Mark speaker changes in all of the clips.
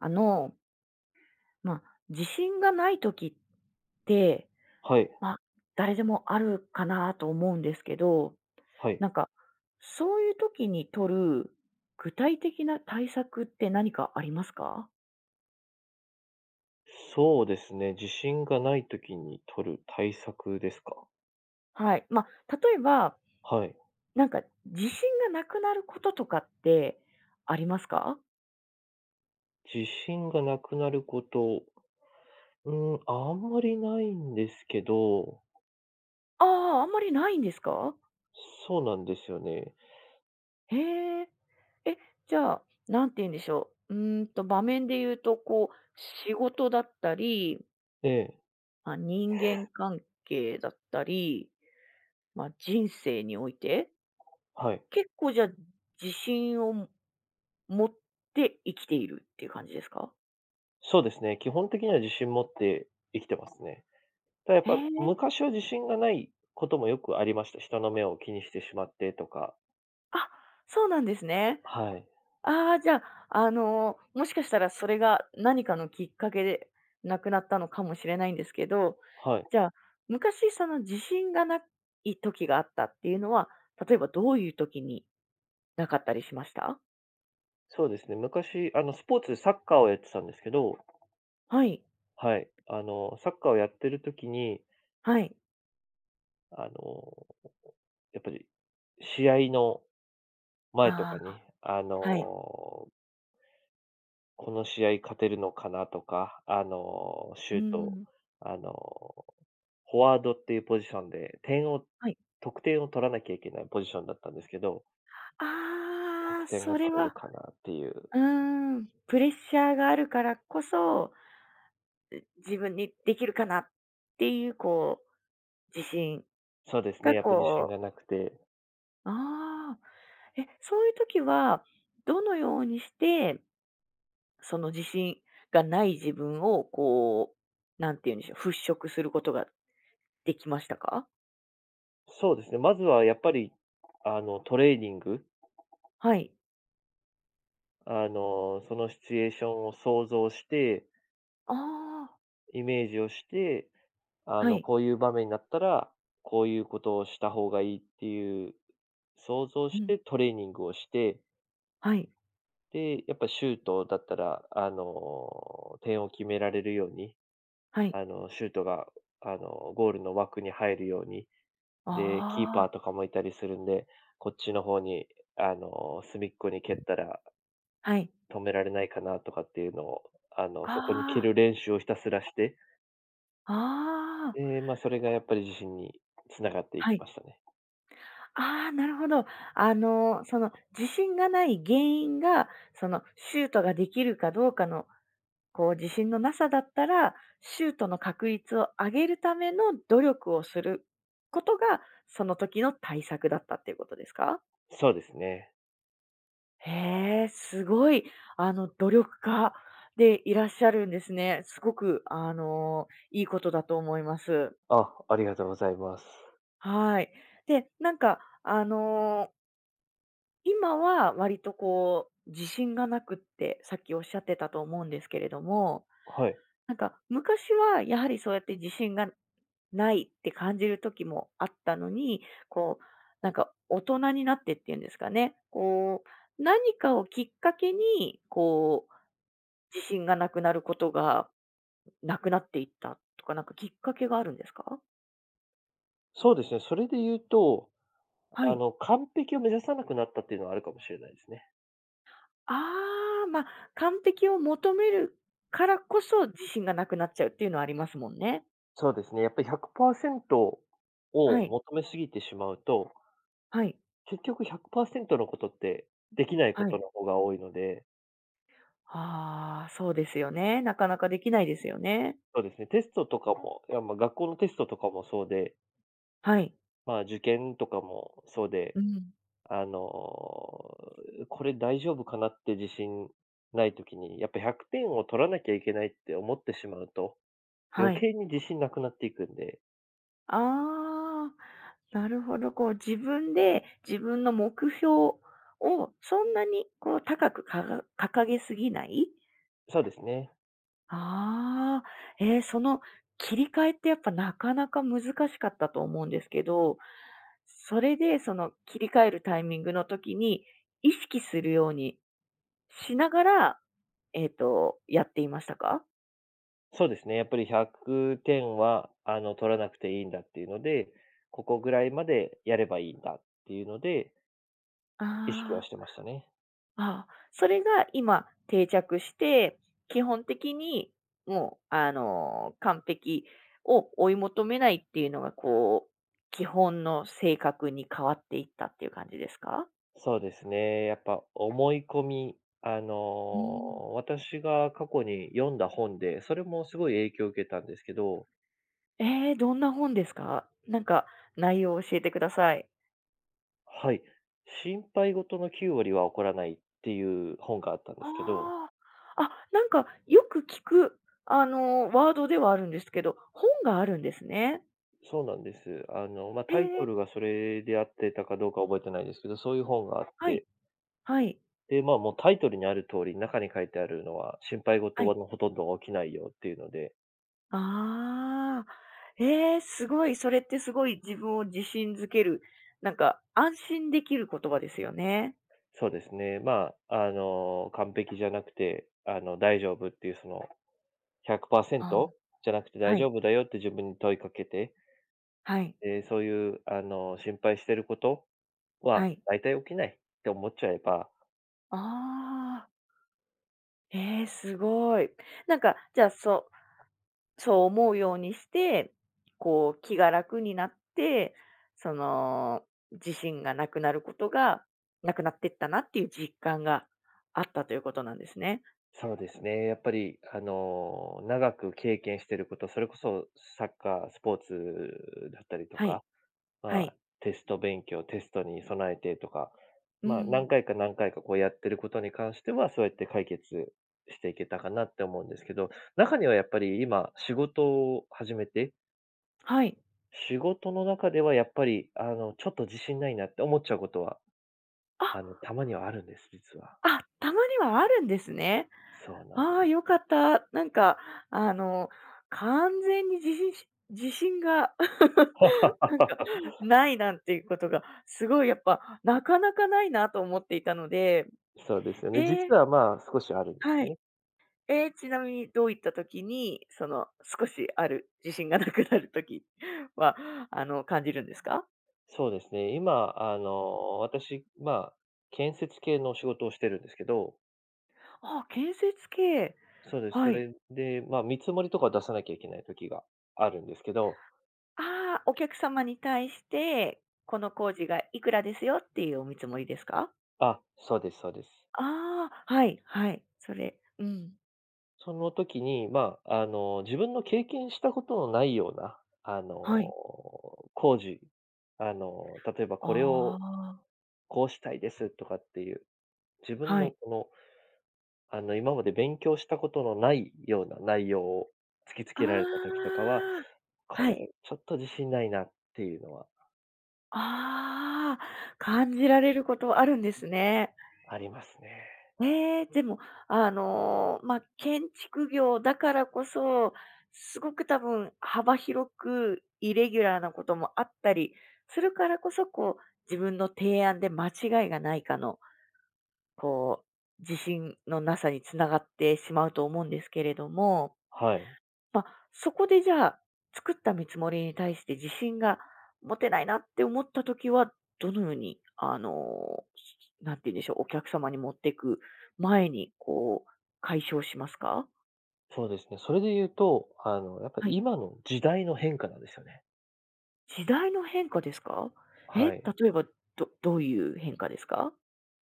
Speaker 1: あの。ま、自信がない時って、
Speaker 2: はい。
Speaker 1: ま、誰でもあるかなと思うんですけど、
Speaker 2: はい。
Speaker 1: なんか、そういう時に取る具体的な対策って何かありますか？
Speaker 2: そうですね自信がない時に取る対策ですか？
Speaker 1: はい、ま、例えば、
Speaker 2: はい。
Speaker 1: なんか自信がなくなることとかってありますか？
Speaker 2: 自信がなくなること、う、あんまりないんですけど
Speaker 1: ああ、あんまりないんですか？
Speaker 2: そうなんですよね。
Speaker 1: へえ、え、じゃあ、何て言うんでしょう、うん、と場面で言うと、こう、仕事だったり
Speaker 2: ええ。
Speaker 1: ま、人間関係だったり、ま、人生において
Speaker 2: はい。
Speaker 1: 結構じゃ、自信を持って生きているっていう感じですか？
Speaker 2: そうですね、基本的には自信持って生きてますね。ただやっ
Speaker 1: へ
Speaker 2: ぱ
Speaker 1: え。
Speaker 2: 昔は自信がないこともよくありました、人の目を気にしてしまってとか。
Speaker 1: あ、そうなんですね。
Speaker 2: はい。
Speaker 1: ああ、じゃ、あの、もしかしたらそれが何かのきっかけで無くなったのかもしれないんですけど、
Speaker 2: はい。
Speaker 1: じゃあ昔その自信がない時があったっていうのは、例えばどういう時になかったりしました？
Speaker 2: そうですね、昔、あの、スポーツでサッカーをやってたんですけど
Speaker 1: はい。
Speaker 2: はい、あの、サッカーをやってる時に
Speaker 1: はい。
Speaker 2: あの、やっぱり試合の前と
Speaker 1: あ
Speaker 2: か
Speaker 1: あ、
Speaker 2: に、あ
Speaker 1: はい。
Speaker 2: の、この試合勝てるのかな？とか、あの、シ
Speaker 1: うー
Speaker 2: ュート、
Speaker 1: ん。
Speaker 2: あの、フォワードっていうポジションで点を
Speaker 1: はい。
Speaker 2: 得点を取らなきゃいけないポジションだったんですけど
Speaker 1: あ
Speaker 2: 得
Speaker 1: あ、
Speaker 2: 点
Speaker 1: そ
Speaker 2: が
Speaker 1: れ
Speaker 2: 取れる
Speaker 1: は
Speaker 2: かなっていう。
Speaker 1: うーん、プレッシャーがあるからこそ、ん自分にできるかなっていう、こう、自信
Speaker 2: そうですね
Speaker 1: が、
Speaker 2: やっぱ自信
Speaker 1: こう
Speaker 2: がなくて
Speaker 1: ああ、え、そういう時はどのようにしてその自信がない自分をこう、何て言うんでしょう、払拭することができましたか？
Speaker 2: そうですね、まずはやっぱり、あの、トレーニング。
Speaker 1: はい。
Speaker 2: あの、そのシチュエーションを想像して
Speaker 1: ああ。
Speaker 2: イメージをして、あ
Speaker 1: は
Speaker 2: の、
Speaker 1: い。
Speaker 2: こういう場面になったら、こういうことをした方がいいっていう想像
Speaker 1: う
Speaker 2: し
Speaker 1: ん。
Speaker 2: てトレーニングをして
Speaker 1: はい。
Speaker 2: で、やっぱシュートだったら、あの、点を決められるように、
Speaker 1: はい。
Speaker 2: あの、シュートが、あの、ゴールの枠に入るように、で、キーパ
Speaker 1: あ
Speaker 2: ー
Speaker 1: あ。
Speaker 2: とかもいたりするんで、こっちの方に、あの、隅っこに蹴ったら
Speaker 1: はい。
Speaker 2: 止められないかなとかっていうのを、あの、そこに蹴
Speaker 1: ああ。
Speaker 2: る練習をひたすらして
Speaker 1: ああ。
Speaker 2: で、ま、それがやっぱり自信に繋がっていき
Speaker 1: はい。
Speaker 2: ましたね。
Speaker 1: ああ、なるほど。あの、その、自信がない原因が、そのシュートができるかどうかの、こう、自信のなさだったら、シュートの確率を上げるための努力をすることがその時の対策だったっていうことですか？
Speaker 2: そうですね。
Speaker 1: へえ、すごい、あの、努力家でいらっしゃるんですね。すごく、あの、いいことだと思います。
Speaker 2: あ、ありがとうございます。
Speaker 1: はい、で、なんか、あの今は割と、こう、自信がなくってさっきおっしゃってたと思うんですけれども、
Speaker 2: はい。
Speaker 1: なんか昔はやはりそうやって自信がないって感じる時もあったのに、こう、なんか大人になってっていうんですかね、こう、何かをきっかけに、こう、自信がなくなることがなくなっていったとかなんかきっかけがあるんですか？
Speaker 2: そうですね。それで言うと、
Speaker 1: は
Speaker 2: あ
Speaker 1: い。
Speaker 2: の、完璧を目指さなくなったっていうのはあるかもしれないですね。
Speaker 1: ああ、ま、完璧を求めるからこそ自信がなくなっちゃうっていうのはありますもんね。
Speaker 2: そうですね。やっぱり100％
Speaker 1: は
Speaker 2: を
Speaker 1: い。
Speaker 2: 求め過ぎてしまうと
Speaker 1: はい。
Speaker 2: 結局100％のことって、できないこ
Speaker 1: は
Speaker 2: と
Speaker 1: い。
Speaker 2: の方が多いので
Speaker 1: ああ、そうですよね、なかなかできないですよね。
Speaker 2: そうですね。テストとかも、いや、ま、学校のテストとかもそうで
Speaker 1: はい。
Speaker 2: まあ、受験とかもそうで、
Speaker 1: うん。
Speaker 2: あの、これ大丈夫かなって自信ない時に、やっぱ100点を取らなきゃいけないって思ってしまうと、
Speaker 1: は
Speaker 2: 余
Speaker 1: い。
Speaker 2: 計に自信なくなっていくんで。
Speaker 1: ああ。なるほど、こう自分で自分の目標をそんなに、こう、高くかが掲げすぎない。
Speaker 2: そうですね。
Speaker 1: ああ、ええ、その、切り替えってやっぱ、なかなか難しかったと思うんですけど、それでその、切り替えるタイミングの時に、意識するように、しながら、えっとやっていましたか？
Speaker 2: そうですね、やっぱり100点は、あの、取らなくていいんだっていうので、ここぐらいまでやればいいんだっていうので意識は
Speaker 1: ああ。
Speaker 2: してましたね。
Speaker 1: あ、それが今、定着して、基本的に、もう、あの、完璧を追い求めないっていうのがこう、基本の性格に変わっていったっていう感じですか？
Speaker 2: そうですね、やっぱ、思い込み、あ
Speaker 1: うーん。
Speaker 2: の、私が過去に読んだ本で、それもすごい影響を受けたんですけど
Speaker 1: ええ、どんな本ですか？なんか内容を教えてください。
Speaker 2: はい、心配事の9割は起こらないっていう本があったんですけど。
Speaker 1: ああ、あ、なんかよく聞く、あの、ワードではあるんですけど、本があるんですね。
Speaker 2: そうなんです、あの、ま、
Speaker 1: え
Speaker 2: タイト
Speaker 1: え。
Speaker 2: ルがそれで合ってたかどうか覚えてないですけど、そういう本があっ
Speaker 1: はい、
Speaker 2: て。
Speaker 1: はい。
Speaker 2: で、ま、もうタイトルにある通り、中に書いてあるのは、心配
Speaker 1: は
Speaker 2: 事
Speaker 1: い。
Speaker 2: はのほとんどが起きないよっていうので
Speaker 1: ああ、ええ、すごい、それってすごい自分を自信づける、なんか安心できる言葉ですよね。
Speaker 2: そうですね、ま、あの、完璧じゃなくて、あの、大丈夫っていうそのひゃくパーセン
Speaker 1: あ、
Speaker 2: トじゃなくて大
Speaker 1: は
Speaker 2: 丈
Speaker 1: い。
Speaker 2: 夫だよって自分に問いかけて
Speaker 1: はい。
Speaker 2: え、そういう、あの、心配してること
Speaker 1: は
Speaker 2: は
Speaker 1: い。
Speaker 2: 大体起きないって思っちゃえば
Speaker 1: ああ。ええ、すごい。なんかじゃあそうそう思うようにして、こう、気が楽になって、その自信がなくなることが、なくなっていったなっていう実感があったということなんですね。
Speaker 2: そうですね、やっぱり、あの、長く経験していること、それこそサッカー、スポーツだったりと
Speaker 1: はい、
Speaker 2: か、
Speaker 1: は
Speaker 2: ま、
Speaker 1: い。
Speaker 2: テスト勉強、テストに備えてとか、
Speaker 1: うんう
Speaker 2: ま、何
Speaker 1: ん。
Speaker 2: 回か何回かこうやってることに関しては、そうやって解決していけたかなって思うんですけど、中にはやっぱり今、仕事を始めて
Speaker 1: はい。
Speaker 2: 仕事の中ではやっぱり、あの、ちょっと自信ないなって思っちゃうことは、
Speaker 1: あ。
Speaker 2: あの、たまにはあるんです実は。
Speaker 1: あ、たまにはあるんですね。
Speaker 2: そうなん
Speaker 1: ああ、
Speaker 2: です。
Speaker 1: よかった。なんか、あの、完全にじしし自信が なんか 無いなんていうことが、すごいやっぱなかなか無いなと思っていたので、
Speaker 2: そうですよね。
Speaker 1: へえ。
Speaker 2: 実は、まあ、少しあるんです
Speaker 1: は
Speaker 2: よ
Speaker 1: い。
Speaker 2: ね。
Speaker 1: え、ちなみにどういった時に、その、少しある自信がなくなる時は、あの、感じるんですか？
Speaker 2: そうですね、今、あの、私、ま、建設系の仕事をしてるんですけど
Speaker 1: あ、建設系、
Speaker 2: そうです、
Speaker 1: は
Speaker 2: そ
Speaker 1: い。
Speaker 2: れで、ま、見積もりとか出さなきゃいけない時があるんですけど
Speaker 1: ああ、お客様に対してこの工事がいくらですよっていうお見積もりですか？
Speaker 2: あ、そうです、そうです。
Speaker 1: ああ、はい、はい、それ、うん。
Speaker 2: その時に、ま、あの、自分の経験したことのないような、あの、
Speaker 1: はい。
Speaker 2: 工事、あの、例えばこれ
Speaker 1: あ
Speaker 2: を
Speaker 1: あ。
Speaker 2: こうしたいですとかっていう、自分
Speaker 1: は
Speaker 2: の
Speaker 1: い。
Speaker 2: この、あの、今まで勉強したことのないような内容を突きつ
Speaker 1: あ
Speaker 2: けられた時とかは、
Speaker 1: あ、
Speaker 2: こ
Speaker 1: はい。
Speaker 2: れちょっと自信ないなっていうのは
Speaker 1: ああ、感じられることあるんですね。
Speaker 2: ありますね。
Speaker 1: ええ、でも、あの、ま、建築業だからこそすごく多分幅広くイレギュラーなこともあったりするからこそ、こう、自分の提案で間違いがないかのこう、自信のなさにつながってしまうと思うんですけれども、
Speaker 2: はい。
Speaker 1: ま、そこでじゃあ作った見積もりに対して自信が持てないなって思った時は、どのように、あの何て言うんでしょう、お客様に持っていく前に、こう、解消しますか？
Speaker 2: そうですね、それで言うと、あのやっぱ
Speaker 1: はい。
Speaker 2: 今の時代の変化なんですよね。
Speaker 1: 時代の変化ですか？え、例
Speaker 2: はい。
Speaker 1: えば、どどういう変化ですか？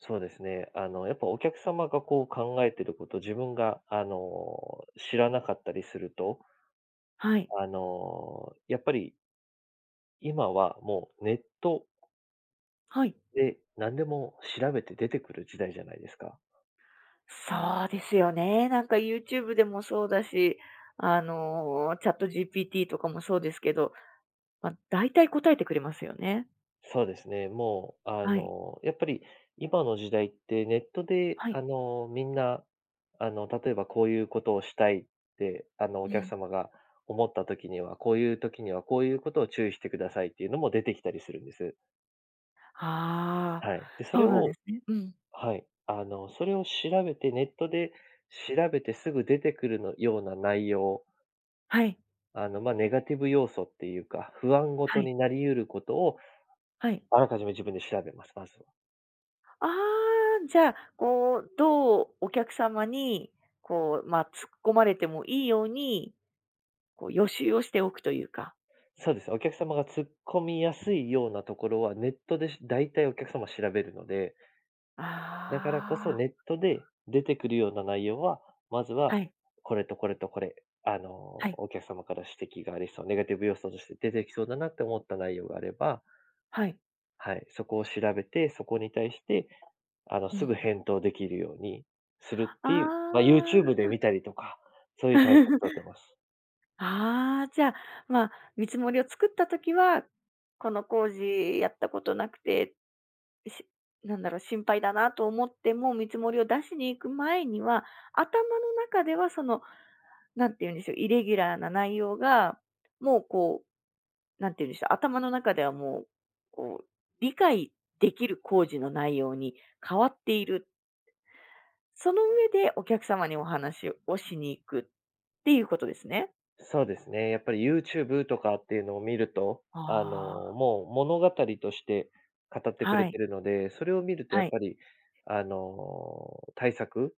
Speaker 2: そうですね、あの、やっぱお客様がこう考えてること、自分が、あの、知らなかったりすると
Speaker 1: はい。
Speaker 2: あの、やっぱり今はもうネット
Speaker 1: はい。
Speaker 2: で、何でも調べて出てくる時代じゃないですか。
Speaker 1: そうですよね。なんかユーチューブでもそうだし、あの、チャット GPT とかもそうですけど、ま、だいたい答えてくれますよね。
Speaker 2: そうですね、もうあ
Speaker 1: はい。
Speaker 2: のやっぱり今の時代ってネットで
Speaker 1: はい。
Speaker 2: あの、みんな、あの、例えばこういうことをしたいって、あの、お
Speaker 1: う
Speaker 2: 客
Speaker 1: ん。
Speaker 2: 様が思った時には、こういう時にはこういうことを注意してくださいっていうのも出てきたりするんです。
Speaker 1: ああ、
Speaker 2: はい、で、そ
Speaker 1: そ
Speaker 2: れ
Speaker 1: うなんで
Speaker 2: を
Speaker 1: すねうん。
Speaker 2: はい、あの、それを調べてネットで調べてすぐ出てくるのような内容
Speaker 1: はい。
Speaker 2: あの、ま、ネガティブ要素っていうか、不安ご
Speaker 1: は
Speaker 2: と
Speaker 1: い。
Speaker 2: になりうることを
Speaker 1: はい。
Speaker 2: あらかじめ自分で調べます、まずは。
Speaker 1: ああ、じゃあ、こう、どうお客様にこう、まあ、突っ込まれてもいいように、こう予習をしておくというか。
Speaker 2: そうです。お客様が突っ込みやすいようなところはネットで、し大体お客様調べるので、だから
Speaker 1: あ
Speaker 2: こそ
Speaker 1: あ。
Speaker 2: ネットで出てくるような内容は、まずは
Speaker 1: はい。
Speaker 2: これとこれとこれ、あの
Speaker 1: はい。
Speaker 2: お客様から指摘がありそう、ネガティブ要素として出てきそうだなと思った内容があれば
Speaker 1: はい。
Speaker 2: はい、そこを調べて、そこに対してあの
Speaker 1: う
Speaker 2: す
Speaker 1: ん。
Speaker 2: ぐ返答できるようにするっ
Speaker 1: あ
Speaker 2: ていう、ま、ユーチュー
Speaker 1: あ。
Speaker 2: ブで見たりとか、そういう対策たてます。
Speaker 1: ああ、じゃ、まあ、見積もりを作った時は、この工事やったことなくて、しなんだろう、心配だなと思っても見積もりを出しに行く前には、頭の中ではその、何て言うんでしょう、イレギュラーな内容がもうこう、何て言うんでしょう、頭の中ではもうこう理解できる工事の内容に変わっている。その上でお客様にお話をしに行くっていうことですね。
Speaker 2: そうですね、やっぱりユーチューブとかっていうのを見ると、あの、
Speaker 1: ああ。
Speaker 2: もう物語として、語ってく
Speaker 1: は
Speaker 2: れて
Speaker 1: い。
Speaker 2: るので、それを見るとや
Speaker 1: は
Speaker 2: っ
Speaker 1: い。
Speaker 2: ぱりあの、対策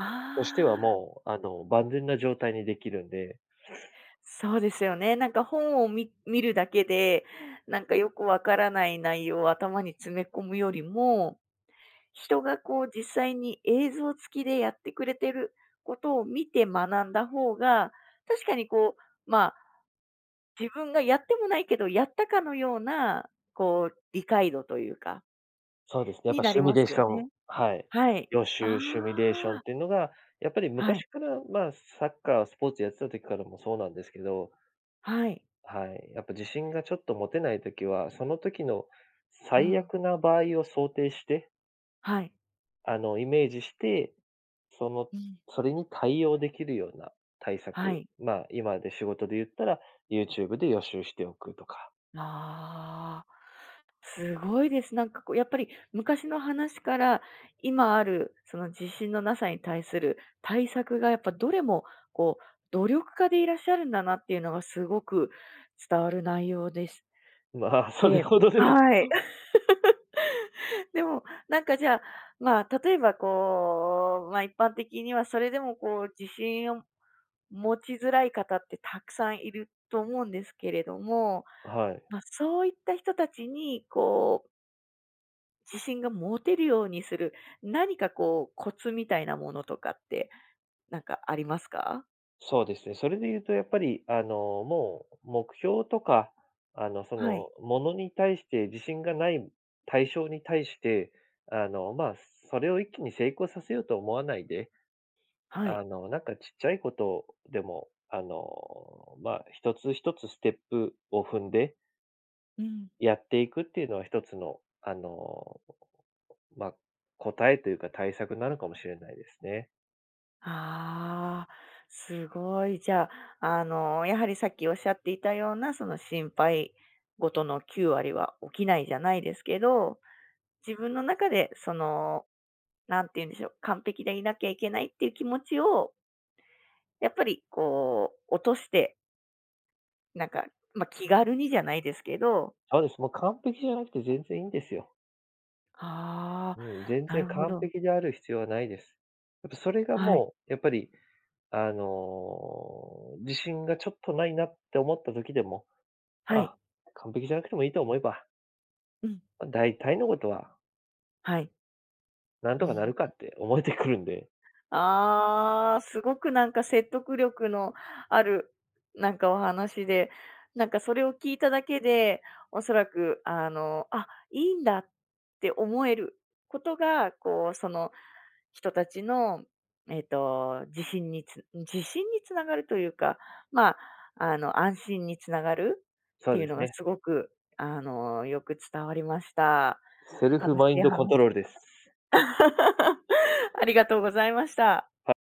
Speaker 1: あ
Speaker 2: としては
Speaker 1: あ。
Speaker 2: もうあの万全な状態にできるんで。
Speaker 1: そうですよね。なんか本をみ見るだけで、なんかよくわからない内容を頭に詰め込むよりも、人がこう実際に映像付きでやってくれてることを見て学んだ方が、確かにこうまあ、自分がやってもないけど、やったかのようなこう理解度というか
Speaker 2: そうですね、やっ
Speaker 1: に
Speaker 2: ぱ
Speaker 1: な
Speaker 2: シ
Speaker 1: り
Speaker 2: ミ
Speaker 1: ま
Speaker 2: ュレー
Speaker 1: す
Speaker 2: シ
Speaker 1: よ
Speaker 2: ョン、
Speaker 1: ね。
Speaker 2: はい、
Speaker 1: はい、
Speaker 2: 予
Speaker 1: あ
Speaker 2: 習シミュレーション
Speaker 1: あ。
Speaker 2: っていうのが、やっぱり
Speaker 1: はい。
Speaker 2: 昔からま、サッカー、スポーツやってた時からもそうなんですけど。
Speaker 1: はい。
Speaker 2: はい、やっぱ自信がちょっと持てない時は、その時の
Speaker 1: う
Speaker 2: 最
Speaker 1: ん。
Speaker 2: 悪な場合を想定して
Speaker 1: はい。
Speaker 2: あの、イメージして、その
Speaker 1: うん。
Speaker 2: それに対応できるような、対
Speaker 1: は
Speaker 2: 策、
Speaker 1: い。
Speaker 2: まあ今で仕事で言ったら、ユーチューブで予習しておくとか。
Speaker 1: ああ、すごいです。なんかこうやっぱり昔の話から、今あるその自信のなさに対する対策がやっぱどれもこう、努力家でいらっしゃるんだなっていうのがすごく伝わる内容です。
Speaker 2: まあ
Speaker 1: え
Speaker 2: それ
Speaker 1: え、
Speaker 2: ほどでも。
Speaker 1: はい。でもなんかじゃ、ま、例えばこう、ま、一般的にはそれでもこう自信を持ちづらい方ってたくさんいると思うんですけれども、
Speaker 2: はい。
Speaker 1: ま、そういった人たちにこう自信が持てるようにする何かこうコツみたいなものとかってなんかありますか？
Speaker 2: そうですね、それで言うとやっぱり、あの、もう目標とか、あの、そ
Speaker 1: は
Speaker 2: の
Speaker 1: い。
Speaker 2: 物に対して自信がない対象に対して、あの、まあ、それを一気に成功させようと思わないで、
Speaker 1: は
Speaker 2: あ
Speaker 1: い。
Speaker 2: の、なんかちっちゃいことでも、あの、まあ、一つ一つステップを踏んで
Speaker 1: うん。
Speaker 2: やっていくっていうのは一つの、あの、まあ、答えというか対策なのかもしれないですね。
Speaker 1: ああ、すごい。じゃ、あの、やはりさっきおっしゃっていたようなその心配ごとの9割は起きないじゃないですけど、自分の中でその、何て言うんでしょう、完璧でいなきゃいけないっていう気持ちをやっぱりこう落としてなんか、ま、気軽にじゃないですけど
Speaker 2: そうです、もう完璧じゃなくて全然いんですよ。
Speaker 1: ああ、
Speaker 2: うん、全
Speaker 1: な
Speaker 2: 然
Speaker 1: るほ
Speaker 2: 完
Speaker 1: ど。
Speaker 2: 璧である必要はないです。やっぱそれが
Speaker 1: はい。
Speaker 2: もうやっぱり、あの、自信がちょっとないなって思った時でも、
Speaker 1: は
Speaker 2: あ、
Speaker 1: い。
Speaker 2: 完璧じゃなくてもいいと思えば
Speaker 1: うん。
Speaker 2: ま、大体のことは
Speaker 1: はい。
Speaker 2: 何
Speaker 1: う
Speaker 2: と
Speaker 1: ん、
Speaker 2: かな
Speaker 1: ん。
Speaker 2: るかって思えてくるんで。
Speaker 1: ああ、すごくなんか説得力のあるなんかお話で、なんかそれを聞いただけで、おそらく、あの、あ、いいんだって思えることが、こう、その人たちの、えっと、自信につ自信につながるというか、まあ、あの、安心につながるっ
Speaker 2: そ
Speaker 1: て
Speaker 2: う
Speaker 1: いう
Speaker 2: で
Speaker 1: の
Speaker 2: す
Speaker 1: が
Speaker 2: ね。
Speaker 1: すごく、あの、よく伝わりました。
Speaker 2: セルフ
Speaker 1: 楽し
Speaker 2: マイン
Speaker 1: い
Speaker 2: ドコン
Speaker 1: 話
Speaker 2: トロールです。
Speaker 1: ありがとうございました。
Speaker 2: はい。